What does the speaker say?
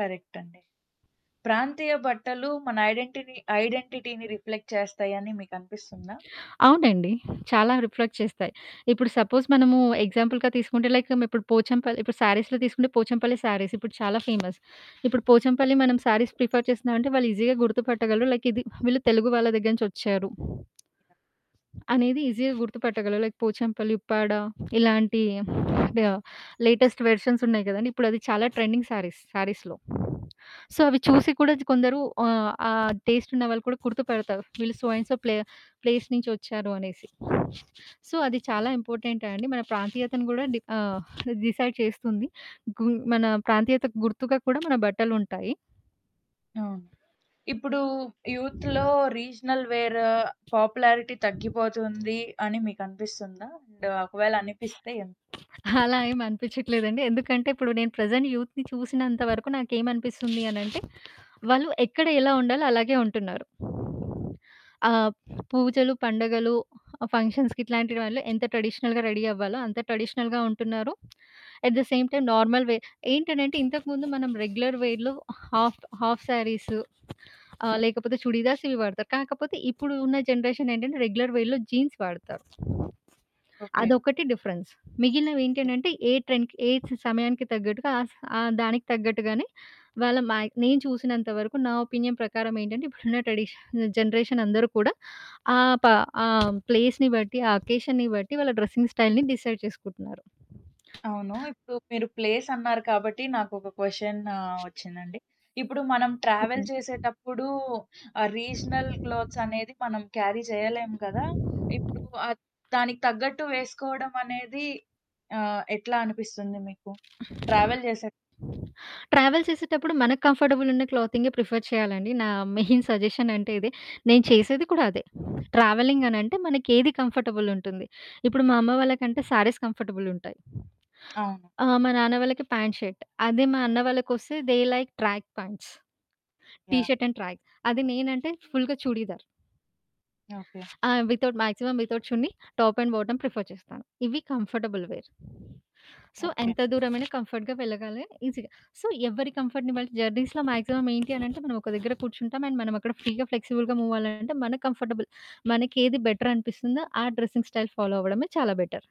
కరెక్టండి. ప్రాంతీయ బట్టలు మన ఐడెంటిని ఐడెంటిటీని రిఫ్లెక్ట్ చేస్తాయని మీకనిపిస్తుందా? అవునండి. చాలా రిఫ్లెక్ట్ చేస్తాయి. ఇప్పుడు సపోజ్ మనము ఎగ్జాంపుల్‌గా తీసుకుంటే, లైక్ ఇప్పుడు పోచంపల్లి ఇప్పుడు సారీస్‌లో తీసుకుంటే పోచంపల్లి సారీస్ ఇప్పుడు చాలా ఫేమస్. ఇప్పుడు పోచంపల్లి మనం సారీస్ ప్రిఫర్ చేస్తున్నామంటే వాళ్ళు ఈజీగా గుర్తుపట్టగలరు. లైక్ ఇది వీళ్ళు తెలుగు వాళ్ళ దగ్గర నుంచి వచ్చారు. అనేది ఈజీగా గుర్తుపట్టగలరు. లైక్ పోచంపల్లి, ఉప్పాడ ఇలాంటి కాడ లేటెస్ట్ వెర్షన్స్ ఉన్నాయి కదండీ, ఇప్పుడది చాలా ట్రెండింగ్ శారీస్‌, శారీస్‌లో. సో అవి చూసి కూడా కొందరు ఆహ్, ఆ టేస్ట్ ఉన్నవాళ్ళు కూడా గుర్తుపడతారు. వీళ్ళు సో అండ్ సో ప్లే-ప్లేస్ నుంచి వచ్చారు అనేసి. సో అది చాలా ఇంపార్టెంట్ అండి. మన ప్రాంతీయతను కూడా డి ఆహ్, డిసైడ్ చేస్తుంది. గుం మన ప్రాంతీయతకు గుర్తుగా కూడా మన బట్టలుంటాయి. అవును. ఇప్పుడు యూత్‌లో రీజనల్ వేర్ పాపులారిటీ తగ్గిపోతుంది అని మీకు అనిపిస్తుందా? అండ్ ఒకవేళ అనిపిస్తే ఎం అలా ఏమి అనిపిచట్లేదండి. ఎందుకంటే ఇప్పుడు నేను ప్రెజెంట్ యూత్‌ని చూసినంత వరకు నాకేమనిపిస్తుంది అనంటే వాళ్ళు ఎక్కడ ఎలా ఉండాలో అలాగే ఉంటున్నారు. ఆహ్, పూజలు, పండుగలు, ఫంక్షన్స్‌కి ఇట్లాంటి వాటిలో ఎంత ట్రెడిషనల్‌గా రెడీ అవ్వాలో అంత ట్రెడిషనల్‌గా ఉంటున్నారు. At the same time normal wear ఏంటనంటే ఇంతకుముందు మనం రెగ్యులర్ వేర్‌లో హాఫ్ హాఫ్ సారీస్ ఆహ్, లేకపోతే చుడీదార్స్ ఇవి వాడతారు. కాకపోతే ఇప్పుడు ఉన్న జనరేషన్ ఏంటంటే రెగ్యులర్ వేర్‌లో జీన్స్ వాడతారు. ఓకే. అదొకటి డిఫరెన్స్. మిగిలినవి యాహ్! ఏంటనంటే ఏ ట్రెండ్ ఏ స్ సమయానికి తగ్గట్టుగా ఆ స ఆ దానికి తగ్గట్టుగానే వాళ్ళు మా నేను చూసినంత వరకు, నా ఒపీనియన్ ప్రకారం ఏంటంటే ఇప్పుడున్న ట్రెడిషన్, జనరేషన్ అందరూ కూడా ఆ ప ఆ ప్లేస్‌ని బట్టి, ఆ అకేషన్‌ని బట్టి వాళ్ళ డ్రెస్సింగ్ స్టైల్‌ని డిసైడ్ చేసుకుంటున్నారు. అవును. ఇప్పుడు మీరు ప్లేస్ అన్నారు కాబట్టి నాకొక క్వషన్ వచ్చిందండి. ఇప్పుడు మనం ట్రావెల్ హుహు. చేసేటప్పుడు ఆ రీజనల్ క్లాత్స్ అనేది మనం క్యారీ చేయలేం కదా! ఇప్పుడు దానికి తగ్గట్టు వేసుకోవడమనేది ఆహ్, ఎట్లా అనిపిస్తుంది మీకు ట్రావెల్ చేసే ట్రావెల్ చేసేటప్పుడు మనకు కంఫర్టబుల్ ఉన్న క్లోతింగే ప్రిఫర్ చేయాలండి. నా మెయిన్ సజెషన్ అంటే ఇదే. నేను చేసేది కూడా అదే. ట్రావెలింగ్ అనంటే మనకేది కంఫర్టబుల్ ఉంటుంది. ఇప్పుడు మా అమ్మ వాళ్ళ కంటే సారీస్ కంఫర్టబుల్ ఉంటాయి. అవును. ఆ! మా నాన్న వాళ్ళకి పాంట్ షర్ట్. అదే మా అన్న వాళ్ళకొస్తే they like track pants, T yeah! Shirt and track. అది నేనంటే అంటే ఫుల్‌గా చుడీదార్. ఓకే. ఆ! Without maximum without chunni, top and bottom prefer చేస్తాను. ఇవి కంఫర్టబుల్ వేర్. So, okay. ఎంత దూరమయినా కంఫర్ట్‌గా వెళ్ళగాలి ఈజీగా. సో, ఎవ్వరి కంఫర్ట్‌ని బట్టి జర్నీస్‌లో మాక్సిమమ్ ఏంటి అనంటే మనమొక దగ్గర కూర్చుంటాం. అండ్ మనమక్కడ ఫ్రీగా, ఫ్లెక్సిబుల్‌గా మూవ్ అవ్వాలంటే మనకి కంఫర్టబుల్ మనకేది బెటర్ అనిపిస్తుందో ఆ డ్రెస్సింగ్ స్టైల్ ఫాలో అవ్వడమే చాలా బెటర్.